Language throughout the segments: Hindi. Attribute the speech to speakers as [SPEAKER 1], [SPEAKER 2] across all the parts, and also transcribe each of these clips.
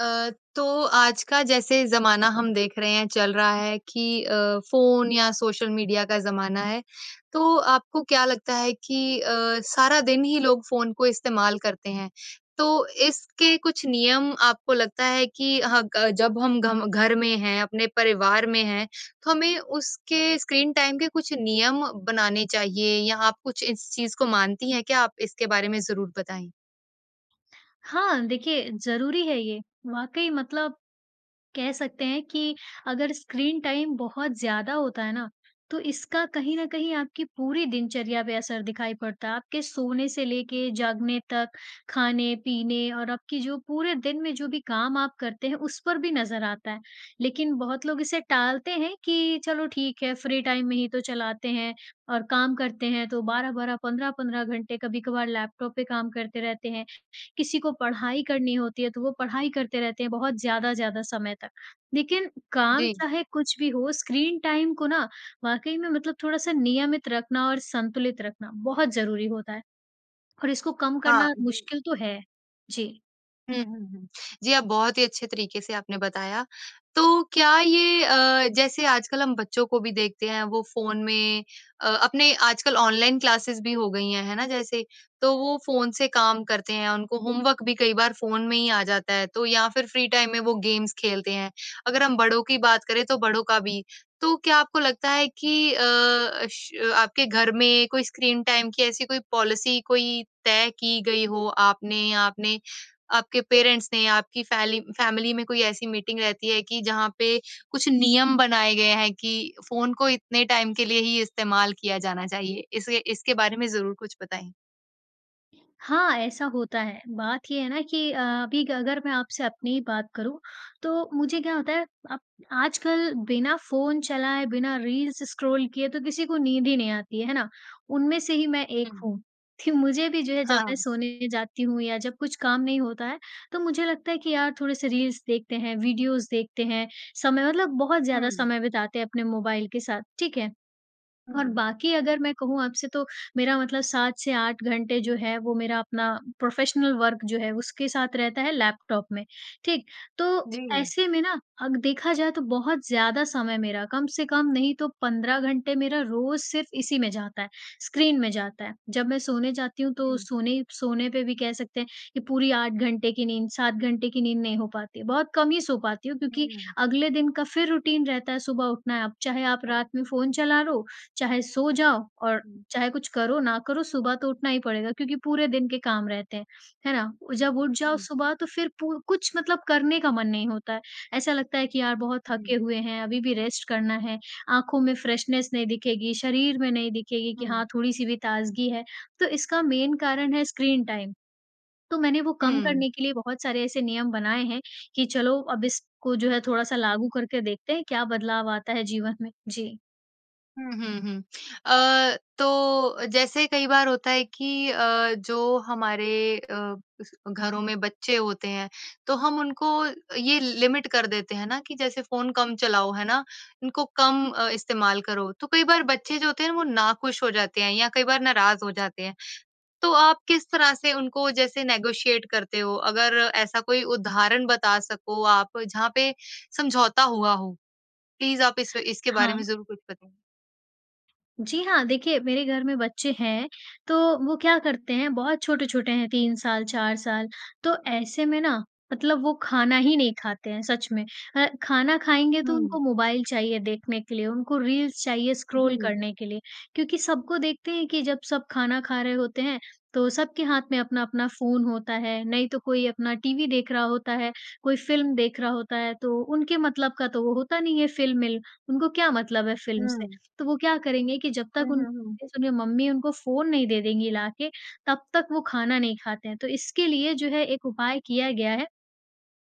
[SPEAKER 1] अ, तो आज का जैसे ज़माना हम देख रहे हैं चल रहा है कि अ, फ़ोन या सोशल मीडिया का ज़माना है। तो आपको क्या लगता है कि अ, सारा दिन ही लोग फ़ोन को इस्तेमाल करते हैं तो इसके कुछ नियम आपको लगता है कि हाँ ग जब हम घ घर में हैं अपने परिवार में हैं तो हमें उसके स्क्रीन टाइम के कुछ नियम बनाने चाहिए? या आप कुछ इस चीज़ को मानती हैं क्या? आप इसके बारे में ज़रूर बताएँ।
[SPEAKER 2] हाँ देखिए ज़रूरी है ये। वाक़ई मतलब कह सकते हैं कि अगर स्क्रीन टाइम बहुत ज़्यादा होता है ना तो इसका कहीं ना कहीं आपकी पूरी दिनचर्या पे असर दिखाई पड़ता है। आपके सोने से लेके जागने तक खाने-पीने और आपकी जो पूरे दिन में जो भी काम आप करते हैं उस पर भी नज़र आता है। लेकिन बहुत लोग इसे टालते हैं कि चलो ठीक है फ्री टाइम में ही तो चलाते हैं और काम करते हैं तो 12-12 15 घंटे कभी-कभार लैपटॉप पे काम करते रहते हैं। किसी को पढ़ाई करनी होती है तो वो पढ़ाई करते रहते हैं बहुत ज़्यादा, ज़्यादा समय तक। लेकिन काम
[SPEAKER 1] जी।
[SPEAKER 2] चाहे कुछ भी हो स्क्रीन टाइम को ना वाक़ई में मतलब थोड़ा-सा नियमित रखना और संतुलित रखना बहुत ज़रूरी होता है और इसको कम
[SPEAKER 1] हाँ
[SPEAKER 2] करना
[SPEAKER 1] जी।
[SPEAKER 2] मुश्किल तो है। जी।
[SPEAKER 1] हुँ, हुँ, हुँ। जी, आप बहुत ही अच्छे तरीके से आपने बताया। तो क्या ये अ, जैसे आजकल हम बच्चों को भी देखते हैं, वो फ़ोन में अ, अपने आजकल ऑनलाइन क्लासेज़ भी हो गई हैं, है ना जैसे? तो वो फ़ोन से काम करते हैं। उनको होमवर्क भी कई बार फ़ोन में ही आ जाता है, तो या फिर फ्री टाइम में वो गेम्स खेलते हैं। अगर हम बड़ों की बात करें, तो बड़ों का भी। तो क्या आपको लगता है कि अ, अश अ, आपके घर में कोई स्क्रीन-टाइम की ऐसी कोई पॉलिसी कोई तय की गई हो आपने या आपने आपके पेरेंट्स ने या आपकी फैली फ़ैमिली में कोई ऐसी मीटिंग रहती है कि जहाँ पे कुछ नियम बनाएँ गए हैं कि फ़ोन को इतने टाइम के लिए ही इस्तेमाल किया जाना चाहिए? इसे इसके बारे में ज़रूर कुछ बताएँ।
[SPEAKER 2] हाँ, ऐसा होता है। बात ये है ना कि अ, अभी ग अगर मैं आपसे अपनी ही बात करूँ, तो मुझे क्या होता है, अब आजकल बिना फ़ोन चलाए, बिना रील्स स्क्रॉल किए तो किसी को नींद ही नहीं आती है, है ना? उनमें से ही मैं एक
[SPEAKER 1] हुँ।
[SPEAKER 2] हूँ। थि मुझे भी जो है, जब मैं
[SPEAKER 1] हाँ।
[SPEAKER 2] सोने जाती हूँ या जब कुछ काम नहीं होता है, तो मुझे लगता है कि, "यार, थोड़े-से रील्स देखते हैं, वीडियोज़ देखते हैं।" समय मतलब बहुत ज़्यादा
[SPEAKER 1] हुँ।
[SPEAKER 2] समय बिताते हैं अपने मोबाइल के साथ। ठीक है? और
[SPEAKER 1] हुँ।
[SPEAKER 2] बाकी अगर मैं कहूँ आपसे तो, मेरा मतलब 7 से 8 घंटे जो है वो मेरा अपना प्रोफ़ेशनल वर्क जो है, उसके साथ रहता है लैपटॉप में। ठीक? तो
[SPEAKER 1] जी।
[SPEAKER 2] ऐसे में ना अग देखा जाए तो बहुत ज़्यादा समय मेरा कम से कम नहीं तो 15 घंटे मेरा रोज़ सिर्फ इसी में जाता है, स्क्रीन में जाता है। जब मैं सोने जाती हूँ तो
[SPEAKER 1] हुँ।
[SPEAKER 2] सोने सोने पे भी कह सकते हैं कि पूरी 8 घंटे की नींद, 7 घंटे की नींद नहीं हो पाती है। बहुत कम ही सो पाती हूँ
[SPEAKER 1] हुँ,
[SPEAKER 2] क्योंकि
[SPEAKER 1] हुँ।
[SPEAKER 2] अगले दिन का फिर रूटीन रहता है। सुबह उठना है, अब चाहे आप रात में फ़ोन चला लो, चाहे सो जाओ और
[SPEAKER 1] हुँ।
[SPEAKER 2] चाहे कुछ करो ना करो, सुबह तो उठना ही पड़ेगा क्योंकि पूरे दिन के काम रहते हैं। है ना? और जब उठ जाओ
[SPEAKER 1] हुँ।
[SPEAKER 2] सुबह, तो फिर पूर कुछ मतलब करने का मन नहीं होता है। ऐसा लगता है कि, "यार, बहुत थके
[SPEAKER 1] हुँ।
[SPEAKER 2] हुए हैं, अभी भी रेस्ट करना है। आँखों में फ़्रेशनेस नहीं दिखेगी, शरीर में नहीं दिखेगी कि
[SPEAKER 1] हुँ।
[SPEAKER 2] हाँ थोड़ी-सी भी ताज़गी है।" तो इसका मेन कारण है स्क्रीन-टाइम। तो मैंने वो कम
[SPEAKER 1] हुँ।
[SPEAKER 2] करने के लिए बहुत सारे ऐसे नियम बनाए हैं कि चलो, अब इसको जो है थोड़ा-सा लागू करके देखते हैं, क्या बदलाव आता है जीवन में। जी।
[SPEAKER 1] हुँ, हुँ, हुँ। अ, तो अ, जैसे कई बार होता है कि अ, जो हमारे अ, घरों में बच्चे होते हैं, तो हम उनको अ, ये लिमिट कर देते हैं ना कि जैसे, "फ़ोन कम चलाओ। है ना? उनको कम अ, इस्तेमाल करो।" तो कई बार बच्चे जो होते हैं ना, वो नाखुश हो जाते हैं या कई बार नाराज़ हो जाते हैं। तो आप किस तरह से उनको जैसे नेगोशिएट करते हो? अगर ऐसा कोई उदाहरण बता सको आप जहाँ पे समझौता हुआ हो। प्लीज़ आप इस इसके बारे में
[SPEAKER 2] हाँ।
[SPEAKER 1] ज़रूर कुछ बताइए।
[SPEAKER 2] जी हाँ, देखिए, मेरे घर में बच्चे हैं। तो वो क्या करते हैं, बहुत छोटे-छोटे हैं, 3 साल, 4 साल। तो ऐसे में ना मतलब वो खाना ही नहीं खाते हैं, सच में। अ, खाना खाएँगे तो
[SPEAKER 1] हुँ।
[SPEAKER 2] उनको मोबाइल चाहिए देखने के लिए, उनको रील्स चाहिए स्क्रॉल
[SPEAKER 1] जी।
[SPEAKER 2] करने के लिए क्योंकि सबको देखते हैं कि जब सब खाना खा रहे होते हैं, तो सबके हाथ में अपना-अपना फ़ोन होता है। नहीं तो कोई अपना टीवी देख रहा होता है, कोई फ़िल्म देख रहा होता है। तो उनके मतलब का तो वो होता नहीं है फ़िल्म-मिल। उनको क्या मतलब है फ़िल्म से?
[SPEAKER 1] हुँ।
[SPEAKER 2] तो वो क्या करेंगे कि जब
[SPEAKER 1] हुँ,
[SPEAKER 2] तक
[SPEAKER 1] हुँ,
[SPEAKER 2] उनकी
[SPEAKER 1] हुँ।
[SPEAKER 2] [unintelligible] उन्हें मम्मी उनको फ़ोन नहीं दे देंगी ला के, तब तक वो खाना नहीं खाते हैं। तो इसके लिए जो है एक उपाय किया गया है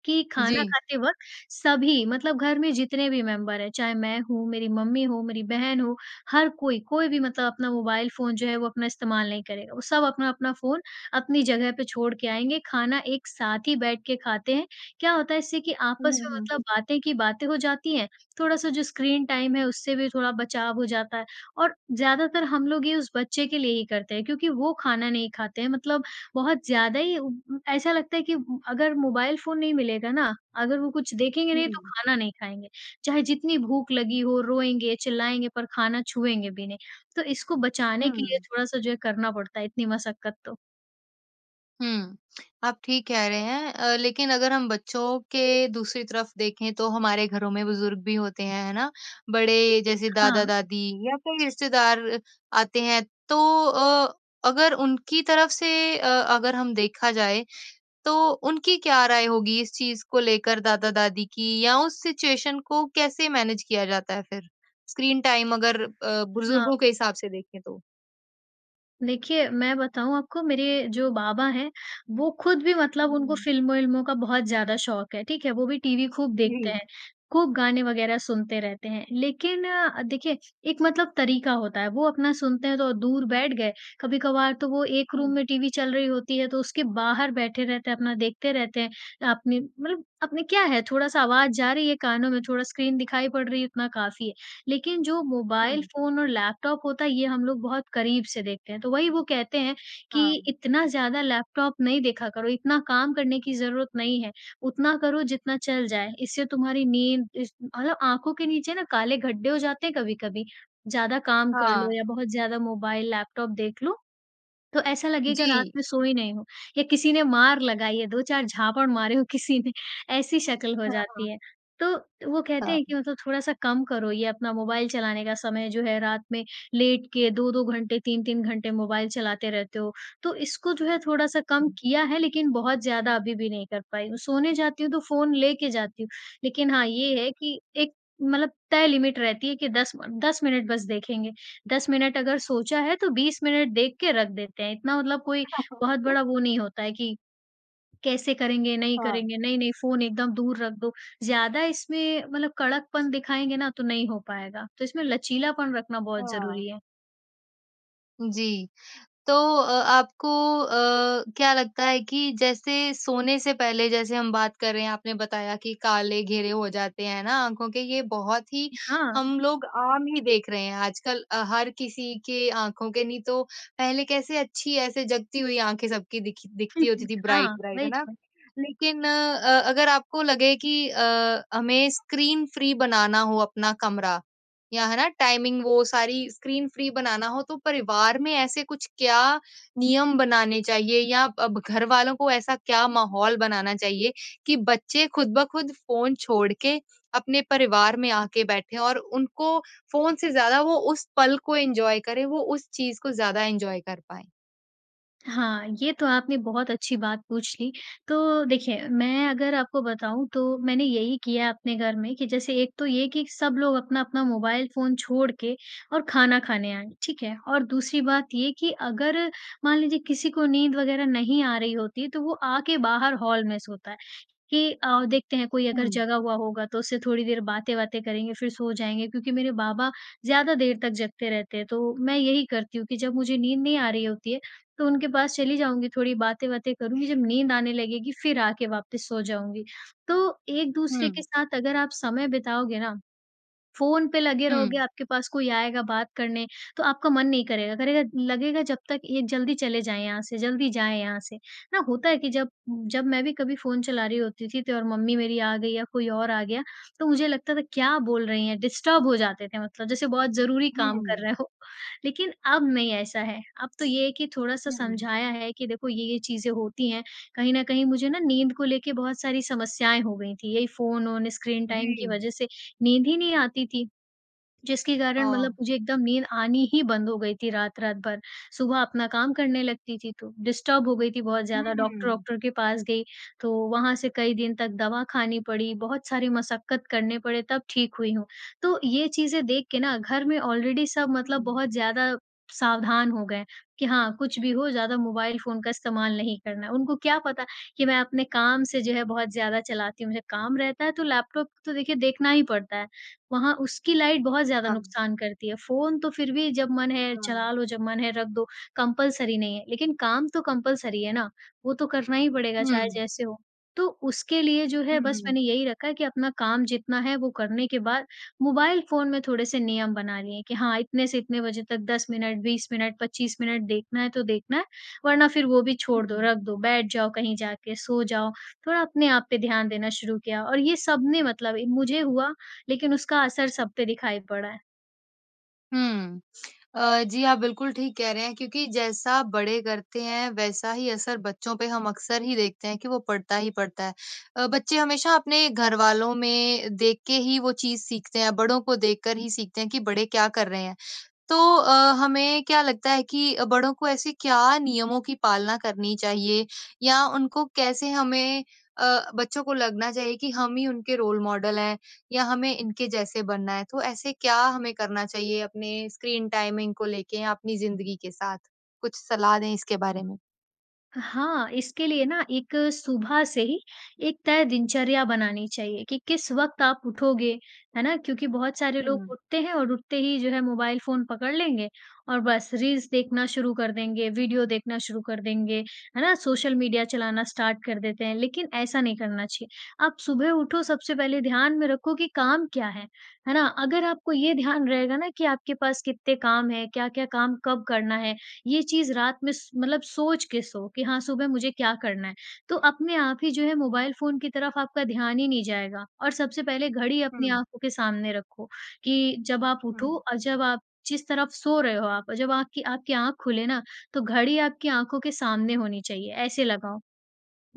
[SPEAKER 2] कि खाना
[SPEAKER 1] जी।
[SPEAKER 2] खाते वक़्त सभी मतलब घर में जितने भी मेंबर हैं, चाहे मैं हूँ, मेरी मम्मी हो, मेरी बहन हो, हर कोई, कोई भी मतलब अपना मोबाइल फ़ोन जो है, वो अपना इस्तेमाल नहीं करेगा। वो सब अपना-अपना फ़ोन अपनी जगह पे छोड़ के आएँगे, खाना एक साथ ही बैठ के खाते हैं। क्या होता है इससे कि
[SPEAKER 1] हुँ,
[SPEAKER 2] आपस
[SPEAKER 1] हुँ,
[SPEAKER 2] में
[SPEAKER 1] हुँ।
[SPEAKER 2] मतलब बातें की बातें हो जाती हैं, थोड़ा-सा जो स्क्रीन टाइम है, उससे भी थोड़ा बचाव हो जाता है। और ज़्यादातर हम लोग ये उस बच्चे के लिए ही करते हैं क्योंकि वो खाना नहीं खाते हैं मतलब बहुत ज़्यादा ही उ उँ ऐसा लगता है कि अगर मोबाइल फ़ोन नहीं मिलेगा ना, अगर वो कुछ देखेंगे नहीं तो
[SPEAKER 1] हुँ।
[SPEAKER 2] खाना नहीं खाएँगे। चाहे जितनी भूख लगी हो, रोएँगे, चिल्लाएँगे पर खाना छुएँगे भी नहीं। तो इसको बचाने के लिए
[SPEAKER 1] हुँ।
[SPEAKER 2] थोड़ा-सा जो है करना पड़ता है इतनी मशक्कत तो।
[SPEAKER 1] हुँ। आप ठीक कह रहे हैं अ, लेकिन अगर हम बच्चों के दूसरी तरफ देखें तो हमारे घरों में बुज़ुर्ग भी होते हैं, है ना? बड़े जैसे
[SPEAKER 2] हाँ।
[SPEAKER 1] दादा-दादी या कोई रिश्तेदार आते हैं, तो अ, अगर उनकी तरफ से अ, अगर हम देखा जाए, तो उनकी क्या राय होगी इस चीज़ को लेकर दादा-दादी की या उस सिचुएशन को कैसे मैनेज किया जाता है फिर? स्क्रीन टाइम अगर अ,
[SPEAKER 2] हाँ।
[SPEAKER 1] बुज़ुर्गों के हिसाब से देखें तो?
[SPEAKER 2] देखिए, मैं बताऊँ आपको, मेरे जो बाबा हैं, वो खुद भी मतलब उनको
[SPEAKER 1] हुँ।
[SPEAKER 2] फिल्मों-विल्मों का बहुत ज़्यादा शौक है। ठीक है? वो भी टीवी खूब देखते
[SPEAKER 1] जी।
[SPEAKER 2] हैं। खूब गाने वगैरह सुनते रहते हैं। लेकिन अ, देखिए एक मतलब तरीका होता है। वो अपना सुनते हैं तो दूर बैठ गए। कभी-कभार तो वो एक रूम
[SPEAKER 1] हुँ।
[SPEAKER 2] में टीवी चल रही होती है तो उसके बाहर बैठे रहते हैं, अपना देखते रहते हैं। अपनी मतलब अपनी क्या है थोड़ा-सा आवाज़ जा रही है कानों में, थोड़ा स्क्रीन दिखाई पड़ रही है, उतना काफ़ी है। लेकिन जो मोबाइल
[SPEAKER 1] हुँ।
[SPEAKER 2] फ़ोन और लैपटॉप होता है, ये हम लोग बहुत करीब से देखते हैं। तो वही वो कहते हैं कि,
[SPEAKER 1] हाँ।
[SPEAKER 2] "इतना ज़्यादा लैपटॉप नहीं देखा करो। इतना काम करने की ज़रूरत नहीं है। उतना करो जितना चल जाए।" इससे तुम्हारी नींद इस मतलब आँखों के नीचे ना काले गड्ढे हो जाते हैं कभी-कभी। ज़्यादा काम कर लो
[SPEAKER 1] हाँ।
[SPEAKER 2] या बहुत ज़्यादा मोबाइल लैपटॉप देख लो, तो ऐसा लगेगा रात
[SPEAKER 1] जी।
[SPEAKER 2] में सोए नहीं हो, या किसी ने मार लगाई है 2-4 झापड़ मारे हों किसी ने, ऐसी शक्ल हो जाती
[SPEAKER 1] हाँ।
[SPEAKER 2] है। तो वो कहते
[SPEAKER 1] हाँ।
[SPEAKER 2] हैं कि मतलब "थोड़ा-सा कम करो ये अपना मोबाइल चलाने का समय जो है। रात में लेट के 2-2 घंटे 3-3 घंटे मोबाइल चलाते रहते हो।" तो इसको जो है थोड़ा-सा कम
[SPEAKER 1] हुँ।
[SPEAKER 2] किया है लेकिन बहुत ज़्यादा अभी भी नहीं कर पाई हूँ। सोने जाती हूँ तो फ़ोन लेके जाती हूँ। लेकिन हाँ, ये है कि एक मतलब तय लिमिट रहती है कि 10 म 10 मिनट बस देखेंगे। 10 मिनट अगर सोचा है तो 20 मिनट देख के रख देते हैं। इतना मतलब कोई बहुत बड़ा वो नहीं होता है कि, कैसे करेंगे, नहीं
[SPEAKER 1] हाँ।
[SPEAKER 2] करेंगे, नहीं-नहीं फ़ोन एकदम दूर रख दो। ज़्यादा इसमें मतलब कड़कपन दिखाएँगे ना तो नहीं हो पाएगा। तो इसमें लचीलापन रखना बहुत ज़रूरी
[SPEAKER 1] हाँ।
[SPEAKER 2] है।
[SPEAKER 1] जी। तो अ, आपको अ, क्या लगता है कि जैसे सोने से पहले जैसे हम बात कर रहे हैं, आपने बताया कि काले घेरे हो जाते हैं ना आँखों के। ये बहुत ही
[SPEAKER 2] हाँ।
[SPEAKER 1] हम लोग आम ही देख रहे हैं आजकल। अ, हर किसी के आँखों के नहीं तो पहले कैसे अच्छी ऐसे जगती हुई आँखें सबकी दिखी दिखती होती थी। ब्राइट,
[SPEAKER 2] हाँ
[SPEAKER 1] ब्राइट, है
[SPEAKER 2] वही
[SPEAKER 1] ना?
[SPEAKER 2] तो।
[SPEAKER 1] लेकिन अ, अगर आपको लगे कि अ, हमें स्क्रीन फ्री बनाना हो अपना कमरा या है ना टाइमिंग, वो सारी स्क्रीन फ्री बनाना हो, तो परिवार में ऐसे कुछ क्या नियम बनाने चाहिए? या अब घरवालों को ऐसा क्या माहौल बनाना चाहिए कि बच्चे खुद ब खुद फ़ोन छोड़ के अपने परिवार में आके बैठे और उनको फ़ोन से ज़्यादा वो उस पल को एन्जॉय करें? वो उस चीज़ को ज़्यादा एन्जॉय कर पाएँ?
[SPEAKER 2] हाँ, ये तो आपने बहुत अच्छी बात पूछ ली। तो देखिए मैं अगर आपको बताऊँ तो मैंने यही किया अपने घर में कि जैसे एक तो ये कि सब लोग अपना, अपना मोबाइल फ़ोन छोड़ के और खाना खाने आए। ठीक है? और दूसरी बात ये कि अगर मान लीजिए किसी को नींद वग़ैरह नहीं आ रही होती तो वो आके बाहर हॉल में सोता है कि अ, देखते हैं कोई अगर
[SPEAKER 1] हुँ।
[SPEAKER 2] जगा हुआ होगा तो उससे थोड़ी देर बातें-वातें करेंगे फ़िर सो जाएँगे क्योंकि मेरे बाबा ज़्यादा देर तक जगते रहते हैं, तो मैं यही करती हूँ कि जब मुझे नींद नहीं आ रही होती है तो उनके पास चली जाऊँगी थोड़ी बातें-वातें करूँगी जब नींद आने लगेगी फ़िर आके वापस सो जाऊँगी। तो एक-दूसरे के
[SPEAKER 1] हुँ।
[SPEAKER 2] साथ अगर आप समय बिताओगे ना फ़ोन पे लगे रहोगे,
[SPEAKER 1] हुँ।
[SPEAKER 2] आपके पास कोई आएगा बात करने। तो आपका मन नहीं करेगा। करेगा लगेगा जब तक ये जल्दी चले जाएँ यहाँ से, जल्दी जाएँ यहाँ से। हाँ, होता है कि जब जब मैं भी कभी फ़ोन चला रही होती थी तो और मम्मी मेरी आ गई या कोई और आ गया तो मुझे लगता था क्या बोल रही हैं? डिस्टर्ब हो जाते थे मतलब जैसे बहुत ज़रूरी काम कर
[SPEAKER 1] हुँ।
[SPEAKER 2] रहे हो। लेकिन अब नहीं ऐसा है। अब तो ये है कि थोड़ा-सा
[SPEAKER 1] हुँ।
[SPEAKER 2] समझाया है कि देखो ये-ये चीज़ें होती हैं कहीं न कहीं मुझे ना नींद को लेकर बहुत सारी समस्याएँ हो गई थी। यही फ़ोन-वोन स्क्रीन टाइम की
[SPEAKER 1] जी।
[SPEAKER 2] वज़ह से नींद ही नहीं आती थी। जिसके कारण मतलब
[SPEAKER 1] हाँ।
[SPEAKER 2] मुझे एकदम नींद आनी ही बंद हो गई थी रात-रात भर। सुबह अपना काम करने लगती थी तो डिस्टर्ब हो गई थी बहुत
[SPEAKER 1] हुँ,
[SPEAKER 2] ज़्यादा।
[SPEAKER 1] हुँ।
[SPEAKER 2] डॉक्टर-वॉक्टर के पास गई तो वहाँ से कई दिन तक दवा खानी पड़ी। बहुत सारी मशक्कत करने पड़े तब ठीक हुई हूँ। तो ये चीज़ें देख के ना घर में ऑलरेडी सब मतलब
[SPEAKER 1] हुँ।
[SPEAKER 2] बहुत ज़्यादा सावधान हो गए हैं कि हाँ, कुछ भी वो ज़्यादा मोबाइल फ़ोन का इस्तेमाल नहीं करना है। उनको क्या पता कि मैं अपने काम से जो है बहुत ज़्यादा चलाती हूँ। मुझे काम रहता है तो लैपटॉप तो देखिए देखना ही पड़ता है। वहाँ उसकी लाइट बहुत ज़्यादा
[SPEAKER 1] हाँ।
[SPEAKER 2] नुकसान करती है। फ़ोन तो फ़िर भी जब मन है
[SPEAKER 1] हाँ।
[SPEAKER 2] चला लो जब मन है रख दो कंपल्सरी नहीं है लेकिन काम तो कंपल्सरी है ना। वो तो करना ही पड़ेगा चाहे
[SPEAKER 1] हुँ।
[SPEAKER 2] जैसे हो। तो उसके लिए जो
[SPEAKER 1] हुँ,
[SPEAKER 2] है बस
[SPEAKER 1] हुँ।
[SPEAKER 2] मैंने यही रखा है कि अपना काम जितना है वो करने के बाद मोबाइल फ़ोन में थोड़े-से नियम बना लिए कि हाँ, इतने से इतने बजे तक 10 मिनट 20 मिनट 25 मिनट देखना है तो देखना है वरना फ़िर वो भी
[SPEAKER 1] हुँ,
[SPEAKER 2] छोड़ दो
[SPEAKER 1] हुँ।
[SPEAKER 2] रख दो बैठ जाओ कहीं जाके सो जाओ। थोड़ा अपने आप पे ध्यान देना शुरू किया और ये सब ने मतलब मुझे हुआ लेकिन उसका असर सब पर दिखाई पड़ा है।
[SPEAKER 1] हुँ। अ, जी, आप बिल्कुल ठीक कह रहे हैं क्योंकि जैसा बड़े करते हैं वैसा ही असर बच्चों पे हम अक्सर ही देखते हैं कि वो पड़ता ही पड़ता है। अ, बच्चे हमेशा अपने घरवालों में देख के ही वो चीज़ सीखते हैं। बड़ों को देखकर ही सीखते हैं कि बड़े क्या कर रहे हैं। तो अ, हमें क्या लगता है कि अ, बड़ों को ऐसे क्या नियमों की पालना करनी चाहिए या उनको कैसे हमें अ, बच्चों को लगना चाहिए कि हम ही उनके रोल मॉडल हैं या हमें इनके जैसे बनना है तो ऐसे क्या हमें करना चाहिए अपने स्क्रीन टाइमिंग को लेके अपनी ज़िंदगी के साथ? कुछ सलाह दें इसके बारे में।
[SPEAKER 2] हाँ, इसके लिए ना एक सुबह से ही एक तय दिनचर्या बनानी चाहिए कि किस वक़्त आप उठोगे, है ना? क्योंकि बहुत सारे लोग
[SPEAKER 1] हुँ।
[SPEAKER 2] उठते हैं और उठते ही जो है मोबाइल फ़ोन पकड़ लेंगे और बस रील्स देखना शुरू कर देंगे, वीडियो देखना शुरू कर देंगे। है ना? सोशल मीडिया चलाना स्टार्ट कर देते हैं लेकिन ऐसा नहीं करना चाहिए। आप सुबह उठो सबसे पहले ध्यान में रखो कि काम क्या है। है ना? अगर आपको ये ध्यान रहेगा ना कि आपके पास कितने काम हैं, क्या-क्या काम कब करना है, ये चीज़ रात में स मतलब सोच के सो कि हाँ, सुबह मुझे क्या करना है। तो अपने आप ही जो है मोबाइल फ़ोन की तरफ आपका ध्यान ही नहीं जाएगा। और सबसे पहले घड़ी अपनी
[SPEAKER 1] हुँ।
[SPEAKER 2] आँखों के सामने रखो, कि जब आप उठो
[SPEAKER 1] हुँ।
[SPEAKER 2] और जब आप जिस तरफ सो रहे हो आप और जब आपकी आपकी आँख खुले ना, तो घड़ी आपकी आँखों के सामने होनी चाहिए ऐसे लगाओ।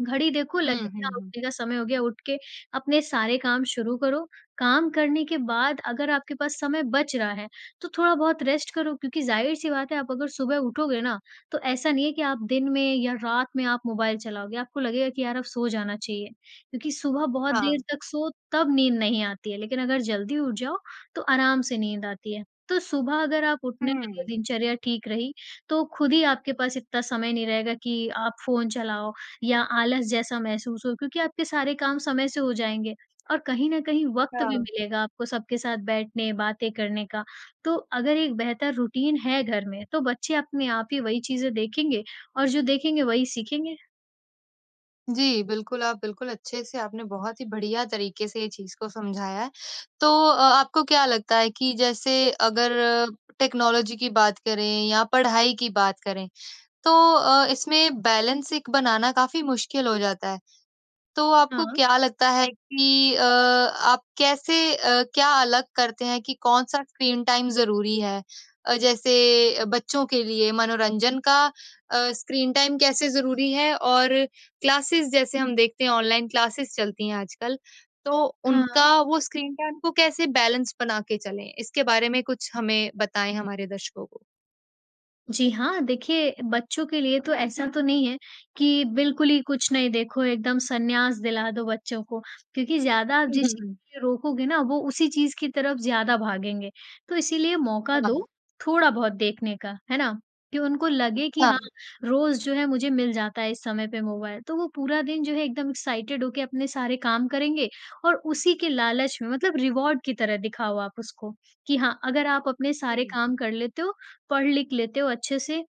[SPEAKER 2] घड़ी देखो
[SPEAKER 1] हुँ,
[SPEAKER 2] लगेगी
[SPEAKER 1] हुँ, हुँ।
[SPEAKER 2] उठने का समय हो गया, उठ के अपने सारे काम शुरू करो। काम करने के बाद अगर आपके पास समय बच रहा है, तो थोड़ा-बहुत रेस्ट करो क्योंकि ज़ाहिर-सी बात है आप अगर सुबह उठोगे ना, तो ऐसा नहीं है कि आप दिन में या रात में आप मोबाइल चलाओगे। आपको लगेगा कि यार अब सो जाना चाहिए। क्योंकि सुबह बहुत देर
[SPEAKER 1] हाँ।
[SPEAKER 2] तक सो, तब नींद नहीं आती है लेकिन अगर जल्दी उठ जाओ, तो आराम से नींद आती है। तो सुबह अगर आप उठने लगे
[SPEAKER 1] हुँ।
[SPEAKER 2] दिनचर्या ठीक रही, तो खुद ही आपके पास इतना समय नहीं रहेगा कि आप फ़ोन चलाओ या आलस जैसा महसूस हो क्योंकि आपके सारे काम समय से हो जाएँगे, और कहीं न कहीं वक़्त भी
[SPEAKER 1] हाँ।
[SPEAKER 2] मिलेगा आपको सबके साथ बैठने बातें करने का। तो अगर एक बेहतर रूटीन है घर में तो बच्चे अपने आप ही वही चीज़ें देखेंगे और जो देखेंगे वही सीखेंगे।
[SPEAKER 1] जी, बिल्कुल आप बिल्कुल अच्छे से आपने बहुत ही बढ़िया तरीके से ये चीज़ को समझाया है। तो अ, आपको क्या लगता है कि जैसे अगर टेक्नोलॉजी की बात करें या पढ़ाई की बात करें तो अ, इसमें बैलेंस एक बनाना काफ़ी मुश्किल हो जाता है। तो आपको
[SPEAKER 2] हाँ।
[SPEAKER 1] क्या लगता है कि अ, आप कैसे अ, क्या अलग करते हैं कि कौन-सा स्क्रीन टाइम ज़रूरी है? अ, जैसे बच्चों के लिए मनोरंजन का अ, स्क्रीन टाइम कैसे ज़रूरी है, और क्लासेस जैसे हम देखते हैं ऑनलाइन क्लासेस चलती हैं आजकल। तो उनका
[SPEAKER 2] हाँ।
[SPEAKER 1] वो स्क्रीन टाइम को कैसे बैलेंस बना के चले? इसके बारे में कुछ हमें बताएँ हमारे दर्शकों को।
[SPEAKER 2] जी, हाँ। देखिए बच्चों के लिए तो ऐसा तो नहीं है कि बिल्कुल ही कुछ नहीं देखो, एकदम सन्यास दिला दो बच्चों को। क्योंकि ज़्यादा
[SPEAKER 1] हुँ, हुँ,
[SPEAKER 2] जिस
[SPEAKER 1] हुँ।
[SPEAKER 2] चीज़ को रोकोगे ना वो उसी चीज़ की तरफ ज़्यादा भागेंगे। तो इसीलिए मौका दो,
[SPEAKER 1] हाँ।
[SPEAKER 2] थोड़ा बहुत देखने का, है ना? कि उनको लगे कि हाँ,
[SPEAKER 1] हाँ।
[SPEAKER 2] रोज़ जो है मुझे मिल जाता है इस समय पे मोबाइल। तो वो पूरा दिन जो है एकदम एक्साइटेड हो के अपने सारे काम करेंगे और उसी के लालच में मतलब रिवार्ड की तरह दिखाओ आप उसको। कि हाँ, अगर आप अपने सारे
[SPEAKER 1] जी।
[SPEAKER 2] काम कर लेते हो पढ़-लिख लेते हो अच्छे से,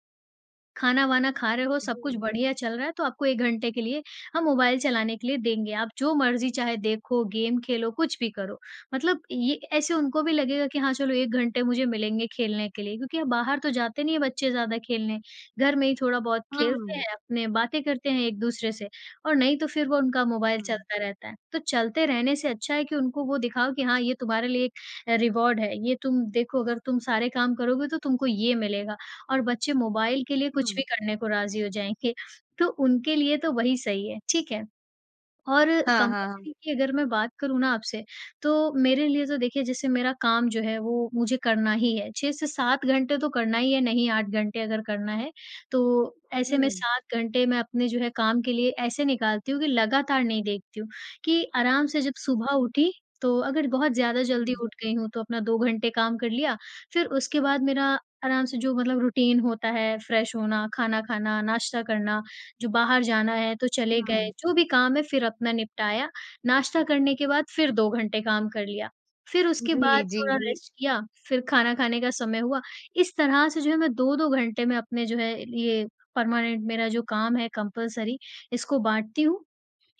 [SPEAKER 2] खाना-वाना खा रहे हो सब कुछ
[SPEAKER 1] जी।
[SPEAKER 2] बढ़िया चल रहा है तो आपको एक घंटे के लिए हम मोबाइल चलाने के लिए देंगे। आप जो मर्ज़ी चाहे देखो गेम खेलो कुछ भी करो। मतलब ये ऐसे उनको भी लगेगा कि हाँ, चलो 1 घंटे मुझे मिलेंगे खेलने के लिए, क्योंकि हम बाहर तो जाते नहीं हैं बच्चे ज़्यादा खेलने। घर में ही थोड़ा-बहुत खेलते
[SPEAKER 1] हाँ।
[SPEAKER 2] हैं अपने में बातें करते हैं एक-दूसरे से। और नहीं तो फिर वो उनका मोबाइल
[SPEAKER 1] हाँ।
[SPEAKER 2] चलता रहता है। तो चलते रहने से अच्छा है कि उनको वो दिखाओ कि हाँ, ये तुम्हारे लिए एक रिवार्ड है। ये तुम देखो अगर तुम सारे काम करोगे तो तुमको ये मिलेगा। और बच्चे मोबाइल के लिए कुछ भी
[SPEAKER 1] हाँ।
[SPEAKER 2] करने को राज़ी हो जाएँगे। तो उनके लिए तो वही सही है, ठीक है? और
[SPEAKER 1] हाँ, हाँ, हाँ।
[SPEAKER 2] कंपल्सरी की अगर मैं बात करूँ ना आपसे, तो मेरे लिए तो देखिए जैसे मेरा काम जो है वो मुझे करना ही है। 6-7 घंटे तो करना ही है, नहीं 8 घंटे अगर करना है। तो ऐसे में
[SPEAKER 1] हुँ।
[SPEAKER 2] 7 घंटे में अपने जो है काम के लिए ऐसे निकालती हूँ कि लगातार नहीं देखती हूँ। कि आराम से जब
[SPEAKER 1] हुँ।
[SPEAKER 2] सुबह उठी तो अगर बहुत ज़्यादा जल्दी
[SPEAKER 1] हुँ।
[SPEAKER 2] उठ गई हूँ तो अपना 2 घंटे काम कर लिया। फिर उसके बाद मेरा आराम से जो मतलब रूटीन होता है। फ्रेश होना, खाना खाना, नाश्ता करना, जो बाहर जाना है तो चले गए।
[SPEAKER 1] हुँ।
[SPEAKER 2] जो भी काम है फिर अपना निपटाया। नाश्ता करने के बाद फिर 2 घंटे काम कर लिया। फिर उसके बाद
[SPEAKER 1] जी, जी,
[SPEAKER 2] थोड़ा
[SPEAKER 1] जी।
[SPEAKER 2] रेस्ट किया फिर खाना खाने का समय हुआ। इस तरह से जो है मैं 2-2 घंटे में अपने जो है ये परमानेंट मेरा जो काम है कंपल्सरी इसको बाँटती हूँ।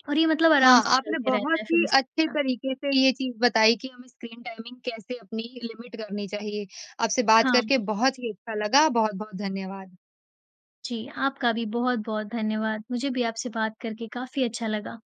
[SPEAKER 2] और ये मतलब आराम
[SPEAKER 1] हाँ,
[SPEAKER 2] से
[SPEAKER 1] आपने
[SPEAKER 2] चलता रहता
[SPEAKER 1] बहुत
[SPEAKER 2] है फिर
[SPEAKER 1] ही
[SPEAKER 2] इस
[SPEAKER 1] अच्छे
[SPEAKER 2] तरह।
[SPEAKER 1] तरीके से ये चीज़ बताई, कि हमें स्क्रीन टाइमिंग कैसे लिमिट करनी चाहिए। आपसे बात करके
[SPEAKER 2] हाँ।
[SPEAKER 1] बहुत ही अच्छा लगा। बहुत-बहुत धन्यवाद।
[SPEAKER 2] जी, आपका भी बहुत-बहुत धन्यवाद। मुझे भी आपसे बात करके काफ़ी अच्छा लगा।